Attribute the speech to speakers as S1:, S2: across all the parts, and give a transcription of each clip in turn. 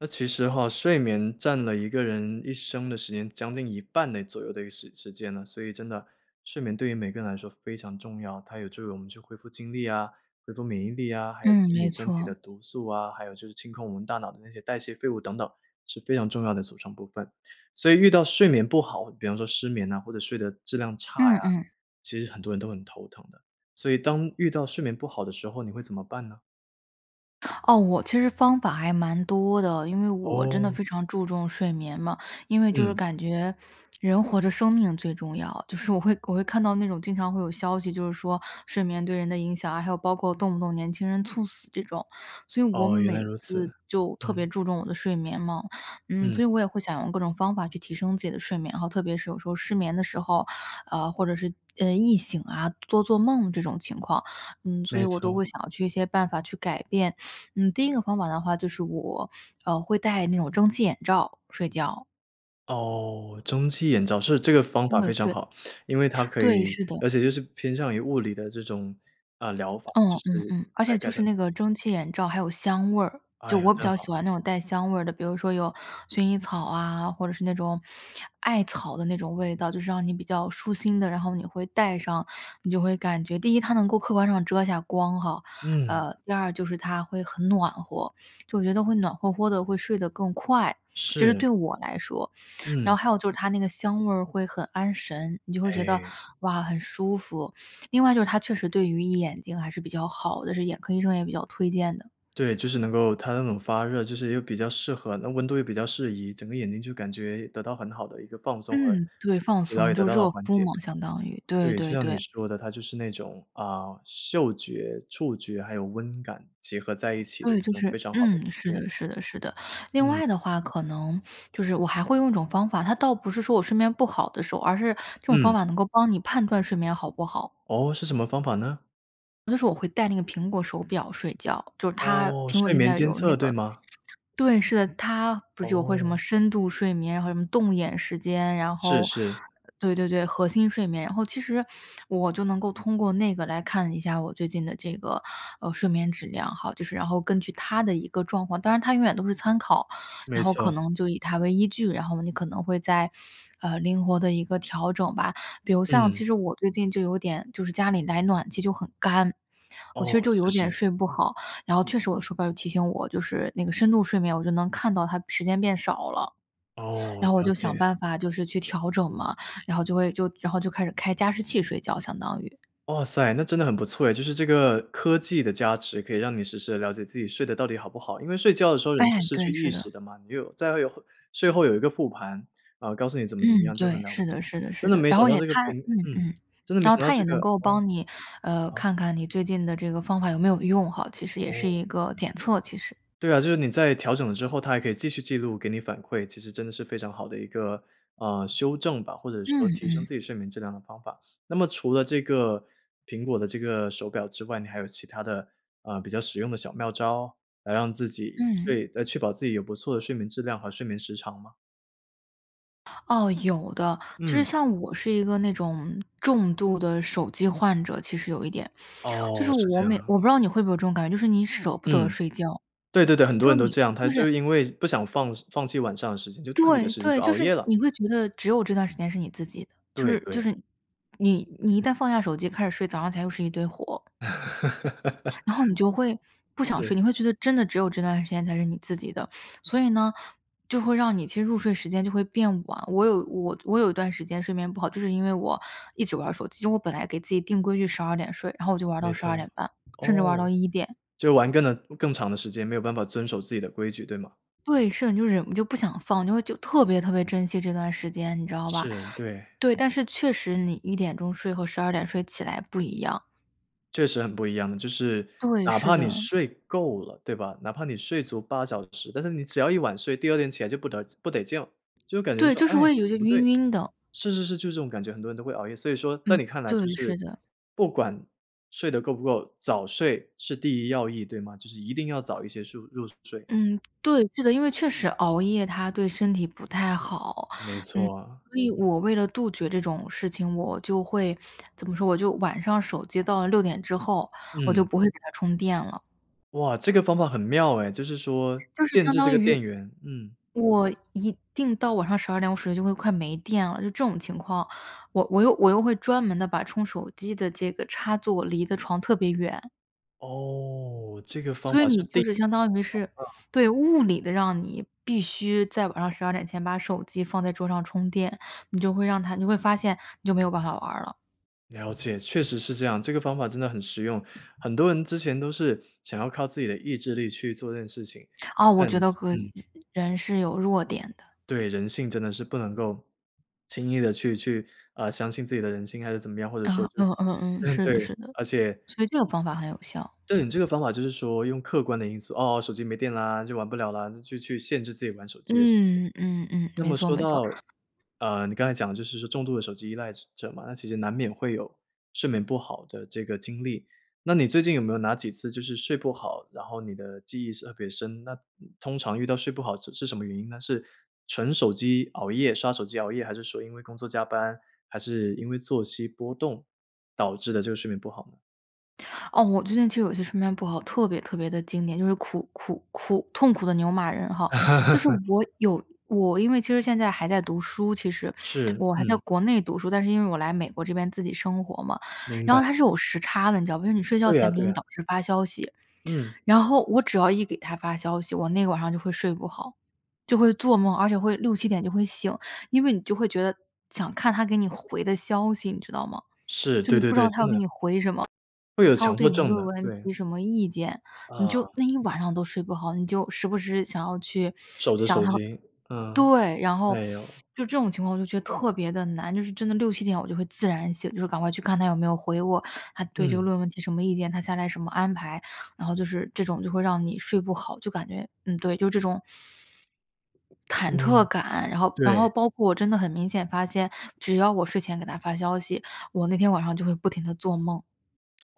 S1: 那其实哈，睡眠占了一个人一生的时间，将近一半的左右的一个时时间了，所以真的，睡眠对于每个人来说非常重要。它有助于我们去恢复精力啊、恢复免疫力啊，还有
S2: 嗯，
S1: 清理
S2: 没
S1: 身体
S2: 错。
S1: 的毒素啊，还有就是清空我们大脑的那些代谢废物等等，是非常重要的组成部分。所以遇到睡眠不好，比方说失眠呐，或者睡的质量差
S2: 嗯
S1: 呀，
S2: 嗯。
S1: 其实很多人都很头疼的。所以当遇到睡眠不好的时候，你会怎么办呢？
S2: 哦，我其实方法还蛮多的，因为我真的
S1: 哦。
S2: 非常注重睡眠嘛。因为就是
S1: 嗯。
S2: 感觉，人活着生命最重要，就是我会我会看到那种经常会有消息就是说，睡眠对人的影响啊，还有包括动不动年轻人猝死这种，所以我
S1: 哦，原来
S2: 每
S1: 如此，
S2: 次就特别
S1: 嗯。
S2: 注重我的睡眠嘛。嗯，
S1: 嗯。
S2: 所以我也会想用各种方法去提升自己的睡眠哈，特别是有时候失眠的时候，呃，或者是呃，易醒啊、多做梦这种情况。嗯，所以
S1: 没
S2: 我都
S1: 错。
S2: 会想要去一些办法去改变。嗯，第一个方法的话，就是我，呃，会戴那种蒸汽眼罩睡觉。
S1: 哦，蒸汽眼罩，是，这个方法非
S2: 对
S1: 常
S2: 对。
S1: 好。因为它可
S2: 对，
S1: 以
S2: 是的。
S1: 而且就是偏向于物理的这种，啊，疗法，就
S2: 嗯嗯
S1: 是
S2: 嗯，而
S1: 来
S2: 且
S1: 改
S2: 就是
S1: 善
S2: 那
S1: 自
S2: 个
S1: 己。
S2: 蒸汽眼罩还有香味儿，
S1: 哎
S2: 就
S1: 呀，
S2: 我比
S1: 真
S2: 较喜
S1: 好。
S2: 欢那种带香味儿的，比如说有薰衣草啊，或者是那种艾草的那种味道，就是让你比较舒心的。然后你会戴上，你就会感觉第一它能够客观上遮下光哈，
S1: 嗯。
S2: 呃，第二就是它会很暖和。就我觉得会暖和和的，会睡得更快，这是
S1: 是。
S2: 对我来说。然
S1: 嗯。
S2: 后还有就是它那个香味儿会很安神，你就会觉得，
S1: 哎。
S2: 哇，很舒服。另外就是它确实对于眼睛还是比较好的，是眼科医生也比较推荐的。
S1: 对，就是能够它那种发热，就是又比较适合那温度又比较适宜，整个眼睛就感觉得到很好的一个放松和
S2: 嗯，对，放
S1: 疲劳
S2: 松。
S1: 也得
S2: 就
S1: 到了
S2: 热
S1: 缓
S2: 敷
S1: 解。
S2: 嘛，相当于。对
S1: 对，就
S2: 对
S1: 像你
S2: 对。
S1: 说的，它就是那种，啊，嗅觉、触觉，还有温感，结合在一起的
S2: 对，
S1: 这
S2: 就
S1: 种
S2: 是
S1: 非常好的
S2: 嗯，
S1: 体
S2: 是
S1: 验。
S2: 的是的是的。另
S1: 嗯。
S2: 外的话可能就是我还会用一种方法，它倒不是说我睡眠不好的时候，而是这种方
S1: 嗯。
S2: 法能够帮你判断睡眠好不好。
S1: 哦，是什么方法呢？
S2: 有的时候我会戴那个苹果手表睡觉。就是它
S1: 哦，
S2: 苹果
S1: 睡
S2: 现
S1: 眠
S2: 在
S1: 监
S2: 有那
S1: 测对
S2: 个
S1: 吗？
S2: 对，是的，它不是有会什么
S1: 哦。
S2: 深度睡眠，然后什么动眼时间，然
S1: 是
S2: 后
S1: 是。
S2: 呃，对对对，核心睡眠。然后其实，我就能够通过那个，来看一下我最近的这个，呃，睡眠质量哈，就是然后根据它的一个状况当然它永远都是参考，
S1: 没
S2: 然后
S1: 错。
S2: 可能就以它为依据，然后你可能会再，呃，灵活地一个调整吧。比如像
S1: 嗯。
S2: 其实我最近就有点就是家里来暖气就很干，我其实
S1: 哦，
S2: 就
S1: 是
S2: 有点
S1: 是。
S2: 睡不好，然后确实我的手表就提醒我，就是那个深度睡眠，我就能看到它时间变少了。
S1: 哦，
S2: 然后我
S1: 了
S2: 就想
S1: 解。
S2: 办法就是去调整嘛，然后就会就然后就开始开加湿器睡觉，相当于。
S1: 哇塞，那真的很不错哎，就是这个科技的加持，可以让你实时地了解自己睡得到底好不好。因为睡觉的时候
S2: 哎，
S1: 人是失
S2: 对，
S1: 去意
S2: 是
S1: 识
S2: 的。
S1: 的嘛，你有再会有睡后有一个复盘，然后告诉你怎么怎么
S2: 嗯，
S1: 样，就很
S2: 对，
S1: 了不
S2: 是
S1: 起。
S2: 的是的是
S1: 真的
S2: 的。
S1: 没
S2: 然
S1: 想
S2: 后
S1: 到
S2: 也
S1: 这个
S2: 看
S1: 苹
S2: 嗯
S1: 嗯，
S2: 嗯。
S1: 真的没
S2: 然后
S1: 想到
S2: 它
S1: 这
S2: 也
S1: 个
S2: 能够
S1: 哦。
S2: 帮你，呃，
S1: 好。
S2: 看看你最近的这个方法有没有用哈，其实也是
S1: 哦。
S2: 一个检测，其实。
S1: 对啊，就是你在调整了之后，它还可以继续记录，给你反馈，其实真的是非常好的一个，呃，修正吧，或者
S2: 嗯
S1: 说提升
S2: 嗯。
S1: 自己睡眠质量的方法。那么除了这个，苹果的这个手表之外，你还有其他的，呃，比较实用的小妙招，来让自己
S2: 嗯。
S1: 睡再确保自己有不错的睡眠质量和睡眠时长吗？
S2: 哦，有的。就是
S1: 嗯。
S2: 像我是一个那种重度的手机患者，其实有一点。就
S1: 哦，
S2: 是
S1: 是这
S2: 我
S1: 样
S2: 每
S1: 啊。
S2: 我不知道你会不会有这种感觉，就是你舍不得
S1: 嗯，
S2: 睡觉。
S1: 对对对，很多
S2: 就
S1: 人
S2: 是
S1: 都
S2: 你
S1: 这样，
S2: 就
S1: 他就
S2: 是
S1: 因为不想放放弃晚上的时间，就自己的
S2: 对
S1: 时间
S2: 对，
S1: 就
S2: 就
S1: 熬
S2: 是
S1: 夜了。
S2: 你会觉得只有这段时间是你自己的，就
S1: 对
S2: 是就
S1: 对。
S2: 是你你一旦放下手机开始睡，早上起来又是一堆活。然后你就会 不想睡，
S1: 是。
S2: 你会觉得真的只有这段时间才是你自己的。所以呢，就会让你其实入睡时间就会变晚，我有我我有一段时间睡眠不好，就是因为我一直玩儿手机，就是我本来给自己定规矩12点睡，然后我就玩儿
S1: 没
S2: 到十
S1: 错，
S2: 二点半，甚至玩儿
S1: 哦，
S2: 到1点。
S1: 就玩更呢更长的时间，没有办法遵守自己的规矩，对吗？
S2: 对，是的，你就忍不就不想放，就会就特别特别珍惜这段时间，你知道吧？
S1: 是，对。
S2: 对，但是确实你1点钟睡和12点睡起来不一样。
S1: 确实很不一样的，就是
S2: 对，
S1: 哪
S2: 是
S1: 怕你
S2: 的。
S1: 睡够了对吧，哪怕你睡足8小时，但是你只要一晚睡，第二天起来就不得不得劲。就会感觉
S2: 对，
S1: 说，
S2: 就是
S1: “哎，
S2: 我也有点
S1: 不
S2: 晕
S1: 对！”
S2: 晕的。
S1: 是是是，就是这种感觉，很多人都会熬夜。所以说在
S2: 嗯，
S1: 你看来就
S2: 对，是
S1: 是，
S2: 的。
S1: 不管睡得够不够，早睡是第一要义，对吗？就是一定要早一些树入睡。
S2: 嗯，对，是的，因为确实熬夜它对身体不太好。
S1: 没
S2: 嗯，
S1: 错啊。
S2: 所以我为了杜绝这种事情，我就会怎么说我就晚上手机到了6点之后，我就
S1: 嗯。
S2: 不会给它充电了。
S1: 哇，这个方法很妙哎！就是说，
S2: 就是
S1: 限
S2: 相
S1: 制这
S2: 当
S1: 个
S2: 于，
S1: 电源，嗯。
S2: 我一定到晚上12点我手机就会快没电了，就这种情况，我我又我又会专门地把充手机的这个插座离得床特别远。
S1: 哦，这个方
S2: 所以
S1: 法是
S2: 你就
S1: 第。
S2: 是相当于是，对，物理地让你必须在晚上12前把手机放在桌上充电，你就会让它你会发现，你就没有办法玩儿了。
S1: 了解，确实是这样，这个方法真的很实用，很多人之前都是想要靠自己的意志力，去做这件事情，
S2: 啊，我
S1: 但
S2: 觉得呃，
S1: 嗯。
S2: 人是有弱点的。
S1: 对，人性真的是不能够轻易地去去啊，相信自己的人性还是怎么样，或者
S2: 呃，
S1: 说是
S2: 嗯嗯嗯，是的
S1: 对，
S2: 是的，
S1: 而且
S2: 所以这个方法很有效。
S1: 对，你这个方法就是说用客观的因素，哦，手机没电了，就玩不了了，就去去限制自己玩手机的时间。
S2: 嗯，嗯嗯，
S1: 那
S2: 没
S1: 么
S2: 错
S1: 说
S2: 没错。
S1: 到，呃，你刚才讲的就是说重度的手机依赖者嘛，那其实难免会有睡眠不好的这个经历。那你最近有没有哪几次就是睡不好，然后你的记忆是特别深，那通常遇到睡不好是是什么原因呢？是纯手机熬夜刷手机熬夜，还是说因为工作加班，还是因为作息波动，导致的这个睡眠不好呢？
S2: 哦，我最近就有些睡眠不好，特别特别地经典，就是苦苦苦痛苦的牛马人哈。就是 我有我因为其实现在还在读书，其实。
S1: 是，
S2: 我还在
S1: 嗯。
S2: 国内读书，但是因为我来美国这边自己生活嘛，
S1: 明
S2: 然
S1: 白。
S2: 后它是有时差的，你知道吗？就是你睡觉
S1: 对
S2: 前
S1: 啊
S2: 给
S1: 对
S2: 你
S1: 啊。
S2: 导师发消息。
S1: 嗯。
S2: 然后我只要一给他发消息，我那晚上就会睡不好。就会做梦，而且会6-7点就会醒，因为你就会觉得想看他给你回的消息，你知道吗？
S1: 是，
S2: 就
S1: 对
S2: 你
S1: 对
S2: 不知
S1: 对，
S2: 道他
S1: 真
S2: 要给
S1: 的。
S2: 你回什么，
S1: 会有
S2: 他会
S1: 强迫
S2: 对你的
S1: 症
S2: 论
S1: 的，
S2: 文
S1: 对。
S2: 提什么意见。你就
S1: 呃。
S2: 那一晚上都睡不好，你就时不时想要去
S1: 守着
S2: 想
S1: 手
S2: 他
S1: 机，嗯，
S2: 对，然后
S1: 哎呦。
S2: 就这种情况我就觉得特别地难，就是真的6-7点我就会自然醒，就是赶快去看他有没有回我，他对这
S1: 嗯。
S2: 个论文提什么意见，他下来什么安排。然后就是这种就会让你睡不好，就感觉嗯，对，就这种忐忑
S1: 嗯，
S2: 感，然后然
S1: 对。
S2: 后包括我真的很明显发现，只要我睡前给他发消息，我那天晚上就会不停地做梦。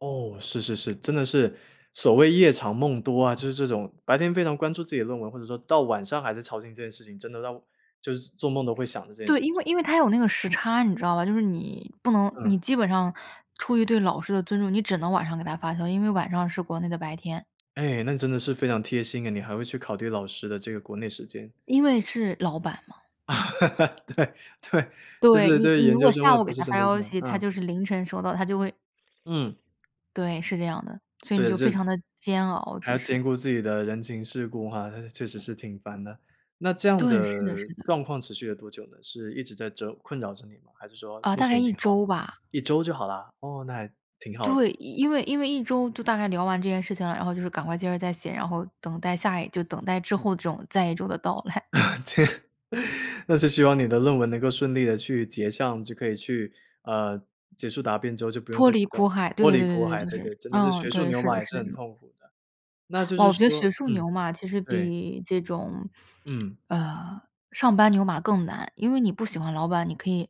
S1: 哦，是是是，真的是所谓“夜长梦多”啊，就是这种白天非常关注自己的论文，或者说到晚上还在操心这件事情，真的到就是做梦都会想着这件事
S2: 对，因为
S1: 情。
S2: 因为它有那个时差，你知道吧，就是你不能你
S1: 嗯。
S2: 基本上出于对老师的尊重，你只能晚上给他发消息，因为晚上是国内的白天。
S1: 哎，那真的是非常贴心哎，你还会去考虑老师的这个国内时间。
S2: 因为是老板嘛。
S1: 对，对，就
S2: 对，
S1: 是
S2: 你
S1: 对，
S2: 你
S1: 研
S2: 如
S1: 究
S2: 果
S1: 生或
S2: 下
S1: 者
S2: 午给
S1: 博士
S2: 他
S1: 生
S2: 发
S1: 都是这
S2: 消
S1: 样，
S2: 息，他
S1: 啊。
S2: 就是凌晨收到，他就会
S1: 嗯。
S2: 对，是这样的，所以你就非
S1: [unintelligible]
S2: 常地煎熬，
S1: 还
S2: 其
S1: 要
S2: 实。
S1: 兼顾自己的人情世故哈，那是确实是挺烦的。那这样
S2: 对，是的
S1: 的
S2: 是的。
S1: 状况持续了多久呢？是一直在折困扰着你吗？还是说
S2: 呃，
S1: 目
S2: 大概
S1: 前已
S2: 1
S1: 经好了？
S2: 周吧。
S1: 1周就好啦？哦，那还挺好的。
S2: 对，因为因为1周就大概聊完这件事情了，然后就是赶快接着再写，然后等待下一就等待之后的这种再一周的到来。
S1: 这 那是希望你的论文能够顺利地去结项，就可以去呃，结束答辩之后，就不用
S2: 脱
S1: 再去
S2: 离
S1: 找
S2: 苦海，对
S1: 脱
S2: 对
S1: 离
S2: 对
S1: 苦
S2: 对对对，
S1: 海，
S2: 就
S1: 对
S2: 是
S1: 对，真的是
S2: 嗯，
S1: 学术
S2: 对，
S1: 牛
S2: 是
S1: 马
S2: 的
S1: 也
S2: 是
S1: 是
S2: 的
S1: 很
S2: 这种。
S1: 痛苦的。那就
S2: 哇，
S1: 是
S2: 我觉得学
S1: 说
S2: 术
S1: 嗯，
S2: 牛马其实
S1: 对。
S2: 比这种，
S1: 嗯。
S2: 呃，上班牛马更难。因为你不喜欢老板，你可以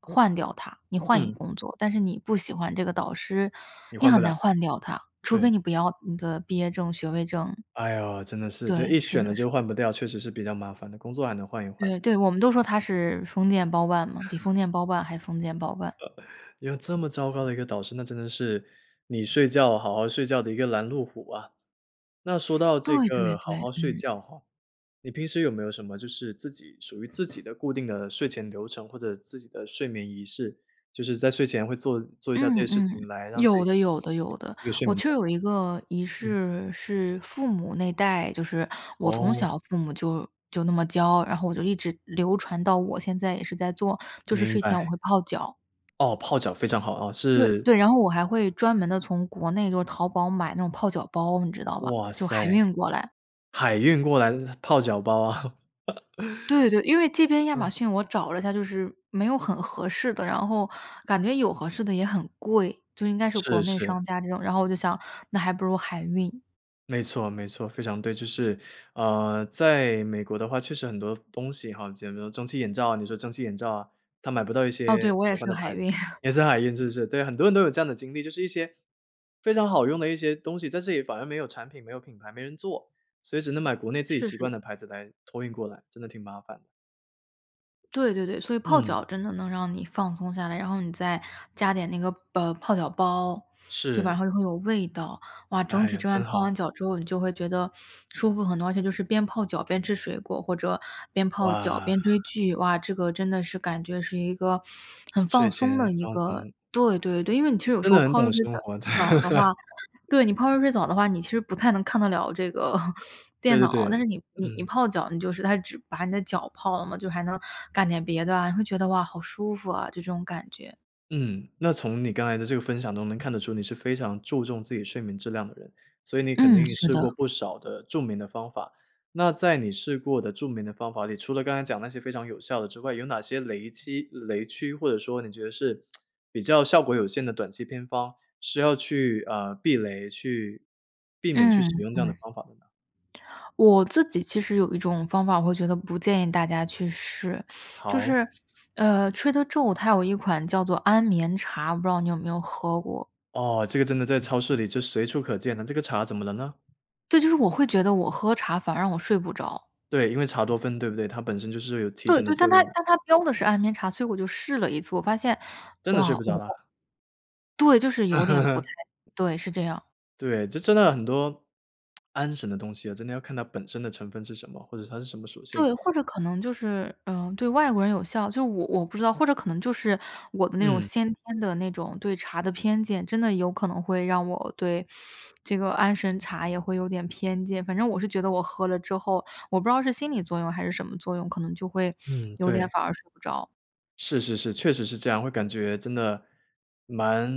S2: 换掉他，你换一个
S1: 嗯。
S2: 工作。但是你不喜欢这个导师，
S1: 你
S2: 你
S1: 换不
S2: 很
S1: 了。
S2: 难换掉他，除非
S1: 对。
S2: 你不要你的毕业证、学位证。
S1: 哎呦，真的是，就
S2: 对，
S1: 一
S2: 是
S1: 选了
S2: 的是
S1: 就
S2: 的。
S1: 换不掉，确实是比较麻烦的，工作还能换一换。
S2: 对对，我们都说他是封建包办嘛，比 封建包办还封建包办。
S1: 有这么糟糕的一个导师，那真的是，你睡觉好好睡觉的一个拦路虎啊。那说到这
S2: 对对
S1: 个好
S2: 对，
S1: 好睡
S2: 嗯。
S1: 觉哈，你平时有没有什么就是自己属于自己的固定的睡前流程，或者自己的睡眠仪式，就是在睡前会做做一下这些
S2: 嗯
S1: 事情
S2: 嗯，
S1: 来让自
S2: 有
S1: 己
S2: 的有的有的。
S1: 睡
S2: 我
S1: 眠
S2: 䟬
S1: 状
S2: 有一个仪
S1: 态？嗯。
S2: 式是父母那代就是我从
S1: 哦。
S2: 小父母就就那么教，然后我就一直流传到我现在也是在做，就是
S1: 明
S2: 睡
S1: 白。
S2: 前我会泡脚。
S1: 哦，泡脚非常好啊，
S2: 对
S1: 是
S2: 对，然后我还会专门地从国内就是淘宝买那种泡脚包，你知道吧，
S1: 哇
S2: 就海
S1: 塞。
S2: 运过来。
S1: 海运过来的泡脚包啊。
S2: 对对，因为这边亚
S1: 嗯。
S2: 马逊我找了一下，就是没有很合适的，然后，感觉有合适的也很贵，就应该是
S1: 是
S2: 国内
S1: 是。
S2: 商家这种，然后我就想，那还不如海运。
S1: 没错没错，非常对，就是，呃，在美国的话确实很多服东西哈，也没有蒸汽眼罩，啊，你说蒸汽眼罩啊，它买不到一
S2: 哦，
S1: 些
S2: 对，我
S1: 喜
S2: 也是
S1: 欢的
S2: 海
S1: 牌子，
S2: 运。
S1: 也是海运是不是？对，很多人都有这样的经历，就是一些非常好用的一些东西，在这里反而没有产品、没有品牌、没人做。所以只能买国内自己
S2: 试
S1: 习惯
S2: 试。
S1: 的牌子，来托运过来，真的挺麻烦。
S2: 对对对，所以泡
S1: 嗯。
S2: 脚真的能让你放松下来，然后你再加点那个卜泡脚包，对吧，然
S1: 是。
S2: 后就会有味道，哇，整
S1: 哎
S2: 体
S1: 呀，
S2: 这完
S1: 真
S2: 泡
S1: 好。
S2: 完脚之后，你就会觉得舒服很多，而且就是边泡脚边吃水果，或者边泡脚
S1: 哇。
S2: 边追剧。哇，这个真的是感觉是一个很
S1: 睡
S2: 放
S1: 前
S2: 松的一
S1: 放
S2: 个
S1: 松。
S2: 对对对。因为你其实有
S1: 真
S2: 时候
S1: 的很
S2: 泡热
S1: 懂
S2: 水
S1: 生活的。
S2: 澡澡的话对，你泡热 水澡的话，你其实不太能看得了这个
S1: 对
S2: 电
S1: 对对，
S2: 脑，但是你你你
S1: 嗯。
S2: 泡脚你就是它只把你的脚泡了嘛，就还能干点别的啊，你会觉得，哇，好舒服啊，这种感觉。
S1: 嗯，那从你刚才的这个分享中能看得出你是非常注重自己睡眠质量的人，所以你肯
S2: 嗯，
S1: 定
S2: 是
S1: 试过
S2: 的。
S1: 不少的著名的方法。那在你试过的著名的方法里，除了刚才讲那些非常有效的之外，有哪些雷期雷区，或者说你觉得是 比较效果有限的短期偏方，是要去，啊，避雷，去避免去使
S2: 嗯
S1: 用这样
S2: 嗯。
S1: 的方法的呢？
S2: 我自己其实有一种方法，我会觉得不建议大家去试，就
S1: 好。
S2: 是，呃，Trader Joe's，它有一款叫做安眠茶，我不知道你有没有喝过？
S1: 哦，这个真的在超市里就随处可见的，那这个茶怎么了呢？
S2: 这就是我会觉得我喝茶反而让我睡不着。
S1: 对，因为茶多酚对不对？它本身就是有提
S2: 对
S1: 神的
S2: 对，
S1: 作
S2: 但它
S1: 用。
S2: 但它标的是安眠茶，所以我就试了一次。我发现，
S1: 真的睡
S2: 哇，
S1: 不着
S2: 我
S1: 啦？
S2: 对，就是有点不太 对，是这样。
S1: 对，就真的很多安神的东西啊，真的要看它本身的成分是什么，或者是它是什么属性。
S2: 对，或者可能就是，嗯，对外国人有效，就我我不知道，或者可能就是我的那种
S1: 嗯。
S2: 先天的那种对茶的偏见，真的有可能会让我对这个安神茶也会有点偏见。反正我是觉得我喝了之后，我不知道是心理作用还是什么作用，可能就会
S1: 嗯，
S2: 有点
S1: 对。
S2: 反而睡不着。
S1: 是是是，确实是这样，会感觉真的蛮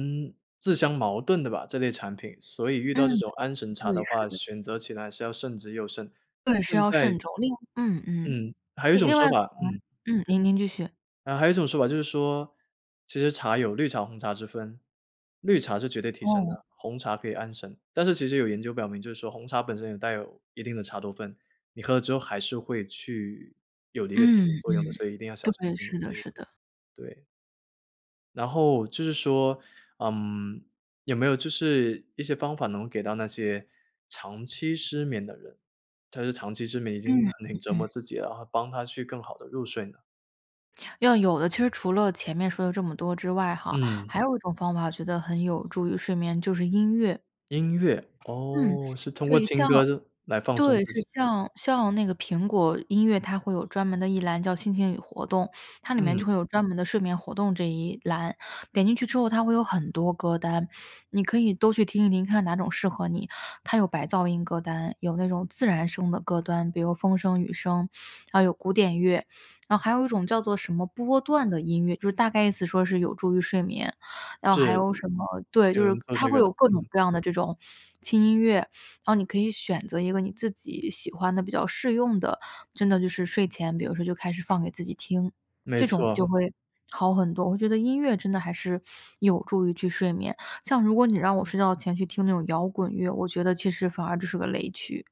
S1: 自相矛盾的吧，这类产品。所以遇
S2: 嗯，
S1: 到这种安神茶
S2: 对，
S1: 的
S2: 是
S1: 话，
S2: 的。
S1: 选择起来是要慎之又慎。
S2: 对，是
S1: 现
S2: 要
S1: 在
S2: 慎重。另嗯嗯，
S1: 嗯，还有一
S2: 哎，
S1: 种
S2: 另
S1: 说
S2: 外可
S1: 法嗯。
S2: 能嗯，您您继续。
S1: 呃，还有一种说法就是说，其实茶有绿茶红茶之分，绿茶是绝对提神
S2: 哦。
S1: 的，红茶可以安神。但是其实有研究表明，就是说红茶本身也带有一定的茶多酚，你喝了之后还是会去有了一个提
S2: 嗯
S1: 神作用的，
S2: 嗯，
S1: 所以一定要小心
S2: 对，
S1: 避
S2: 是
S1: 免
S2: 的
S1: 这一
S2: 是
S1: 个，
S2: 的。
S1: 对。然后就是说，嗯，有没有就是一些方法，能给到那些长期失眠的人？他就长期失眠已经
S2: 嗯，
S1: 很
S2: 嗯
S1: 折磨
S2: 嗯。
S1: 自己了哈，帮他去更好地入睡呢？
S2: 要有的，其实除了前面说的这么多之外哈，
S1: 嗯。
S2: 还有一种方法，我觉得很有助于睡眠，就是音乐。
S1: 音乐？
S2: 嗯，
S1: 哦，是通过
S2: 对，
S1: 听
S2: 像
S1: 歌这来放松
S2: 对，
S1: 自
S2: 是
S1: 己。
S2: 像像那个苹果音乐，它会有专门的一栏叫心情与活动，它里面
S1: 嗯。
S2: 就会有专门的睡眠活动这一栏，点进去之后它会有很多歌单，你可以都去听一听，看看哪种适合你。它有白噪音歌单，有那种自然声的歌单，比如风声雨声，然后有古典乐，然后还有一种叫做什么波段的音乐，就是大概意思说是有助于睡眠。然后还
S1: 是，
S2: 有什么对，
S1: 有
S2: 就是
S1: 人做
S2: 它
S1: 这
S2: 会
S1: 个
S2: 有
S1: 的，
S2: 各种
S1: 嗯。
S2: 各样的这种轻音乐，然后你可以选择一个你自己喜欢的比较适用的，真的就是睡前，比如说就开始放给自己听，
S1: 没
S2: 这种就
S1: 错。
S2: 会好很多，我会觉得音乐真的还是有助于去睡眠。像如果你让我睡觉前去听那种摇滚乐，我觉得其实反而这是个雷区。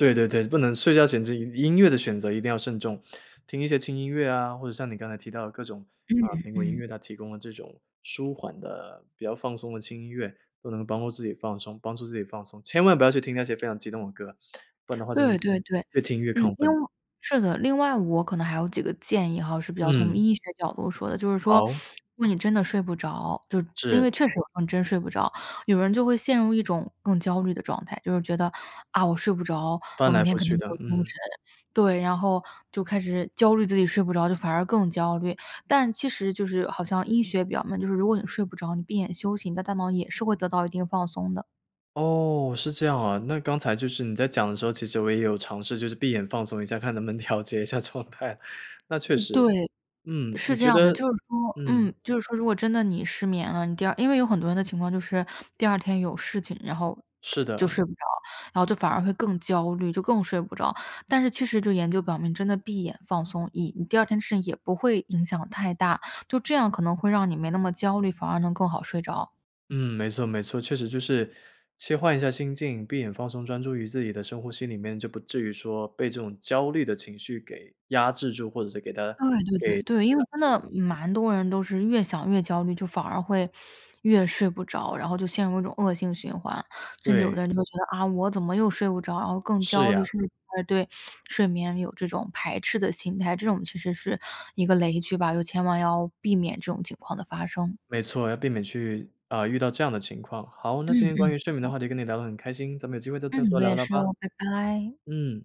S1: 对对对，不能睡觉前自己音乐的选择一定要慎重。听一些轻音乐啊，或者像你刚才提到的各种啊，
S2: 嗯，
S1: 苹果音
S2: 嗯。
S1: 乐它提供了这种，舒缓的比较放松的轻音乐，都能帮助自己放松帮助自己放松。千万不要去听那些非常激动的歌，不然的话真的
S2: 对
S1: 是
S2: 对对，
S1: 越听越
S2: 嗯，
S1: 亢
S2: 另
S1: 奋。
S2: 外是的，另外我可能还有几个建议哈，是比较从
S1: 嗯。
S2: 医学角度说的。就是说，
S1: 好。
S2: 如果你真的睡不着，就因为
S1: 是。
S2: 确实有时候你真睡不着，有人就会陷入一种更焦虑的状态，就是觉得，啊，我睡不着，
S1: 翻
S2: 我
S1: 来
S2: 明天
S1: 覆
S2: 肯
S1: 去
S2: 定没
S1: 的，
S2: 有精
S1: 嗯。
S2: 神。对，然后就开始焦虑自己睡不着，就反而更焦虑。但其实就是好像医学表明，就是如果你睡不着，你闭眼休息，你的大脑也是会得到一定放松的。
S1: 哦，是这样啊。那刚才就是你在讲的时候，其实我也有尝试就是闭眼放松一下，看能不能调节一下状态。那确
S2: 嗯，
S1: 实，
S2: 对，
S1: 嗯，你
S2: 是这
S1: 觉
S2: 样
S1: 得
S2: 的。就是说嗯，
S1: 嗯。
S2: 就是说如果真的你失眠了，你第二因为有很多人的情况就是，第二天有事情，然后
S1: 是
S2: 就
S1: 的。
S2: 睡不着。然后就反而会更焦虑，就更睡不着。但是其实就研究表明真的闭眼放松，以你第二天的事情也不会影响太大。就这样可能会让你没那么焦虑，反而能更好睡着。
S1: 嗯，没错没错，确实就是切换一下心境，闭眼放松专注于自己的深呼吸里面，就不至于说被这种焦虑的情绪给压制住，或者是给它给
S2: 对对对，对，因为真
S1: 缠住。
S2: 的蛮多人都是越想越焦虑，就反而会越睡不着，然后就陷入一种恶性循环。甚至有
S1: 对。
S2: 的人就会觉得，啊，我怎么又睡不着，然后更
S1: 是
S2: 焦虑，
S1: 呀。
S2: 甚至反而对睡眠有这种排斥的心态。这种其实是一个雷区吧，就千万要避免这种情况的发生。
S1: 没错，要避免去，啊，遇到这样的情况。好，那今
S2: 嗯
S1: 天
S2: 嗯，
S1: 关于
S2: 没
S1: 睡眠的
S2: 错。
S1: 话题跟你聊得很开心，咱们有机会再再
S2: 嗯，
S1: 多
S2: 我
S1: 聊
S2: 也
S1: 聊
S2: 是
S1: 吧。
S2: 哦，拜拜。
S1: 嗯。